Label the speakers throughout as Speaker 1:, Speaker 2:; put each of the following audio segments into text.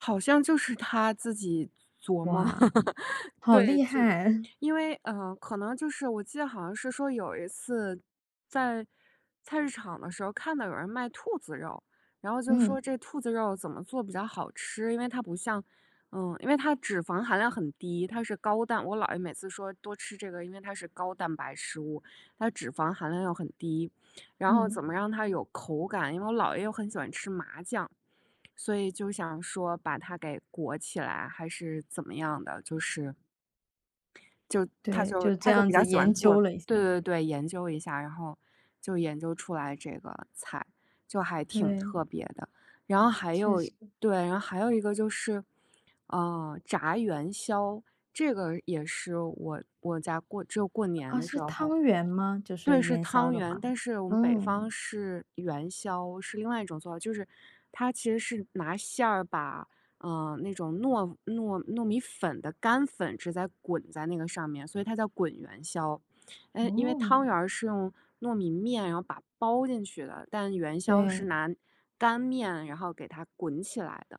Speaker 1: 好像就是他自己琢磨，
Speaker 2: 哇，好
Speaker 1: 对。
Speaker 2: 厉
Speaker 1: 就
Speaker 2: 害。
Speaker 1: 因为，呃，可能就是我记得好像是说有一次，在菜市场的时候，看到有人卖兔子肉，然后就
Speaker 2: 嗯。
Speaker 1: 说这兔子肉怎么做比较好吃，因为它不像呃，因为它脂肪含量很低，它是高蛋我姥爷每次说多吃这个，因为它是高蛋白食物。它脂肪含量又很低，然后
Speaker 2: 嗯。
Speaker 1: 怎么让它有口感。因为我姥爷又很喜欢吃麻酱，所以就想说把它给裹起来还是怎么样的，就是，就他
Speaker 2: 对，
Speaker 1: 就
Speaker 2: 就这
Speaker 1: 他就
Speaker 2: 样
Speaker 1: 比较
Speaker 2: 子
Speaker 1: 喜欢
Speaker 2: 研
Speaker 1: 做，
Speaker 2: 究了一下。
Speaker 1: 对对对，研究一下，然后就研究出来这个菜。就还挺
Speaker 2: 对。
Speaker 1: 特别的。然后还
Speaker 2: 确
Speaker 1: 有，
Speaker 2: 实。
Speaker 1: 对，然后还有一个就是，呃，炸元宵。这个也是我我家过只有过年
Speaker 2: 哦，
Speaker 1: 的时
Speaker 2: 是
Speaker 1: 候
Speaker 2: 汤圆吗？就
Speaker 1: 对，
Speaker 2: 是
Speaker 1: 是
Speaker 2: 元宵
Speaker 1: 汤
Speaker 2: 的
Speaker 1: 圆，
Speaker 2: 话，
Speaker 1: 但是我们北
Speaker 2: 嗯。
Speaker 1: 方是元宵，是另外一种做法。就是它其实是拿馅儿把，呃，那种糯糯糯米粉的干粉直接滚在那个上面，所以它叫滚元宵。呃，因为
Speaker 2: 哦。
Speaker 1: 汤圆儿是用糯米面然后把包进去的，但元宵是
Speaker 2: 对。
Speaker 1: 拿干面然后给它滚起来的。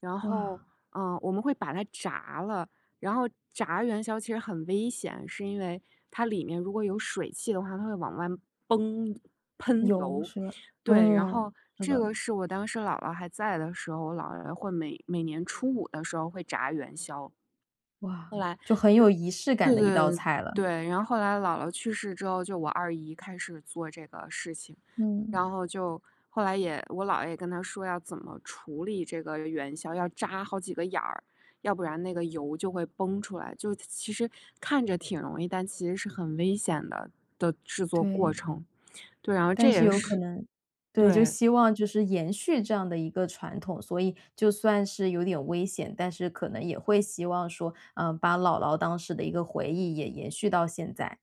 Speaker 1: 然
Speaker 2: 哇。
Speaker 1: 后，呃，我们会把它炸了。然后炸元宵其实很危险，是因为它里面如果有水汽的话，它会往外崩喷
Speaker 2: 油
Speaker 1: 油。
Speaker 2: 是吧？
Speaker 1: 对，然
Speaker 2: 嗯，
Speaker 1: 后
Speaker 2: 是
Speaker 1: 这
Speaker 2: 的。
Speaker 1: 个是我当时姥姥还在的时候，我姥姥姥爷会每每年初五的时候会炸元宵。
Speaker 2: 哇，
Speaker 1: 后来
Speaker 2: 就很有仪式感
Speaker 1: 对，
Speaker 2: 的
Speaker 1: 对
Speaker 2: 一
Speaker 1: 对
Speaker 2: 道
Speaker 1: 对，
Speaker 2: 菜了。
Speaker 1: 对，然后后来姥姥去世之后，就我二姨开始做这个事情。
Speaker 2: 嗯。
Speaker 1: 然后就后来也我姥爷也跟她说要怎么处理这个元宵，要扎好几个眼儿，要不然那个油就会崩出来，就其实看着挺容易，但其实是很危险的的制作过
Speaker 2: 对。
Speaker 1: 程。对，然后这
Speaker 2: 但是
Speaker 1: 也
Speaker 2: 有可
Speaker 1: 是，
Speaker 2: 能，对，就
Speaker 1: 对。
Speaker 2: 希望就是延续这样的一个传统，所以就算是有点危险，但是可能也会希望说，嗯，把姥姥当时的一个回忆也延续到现在。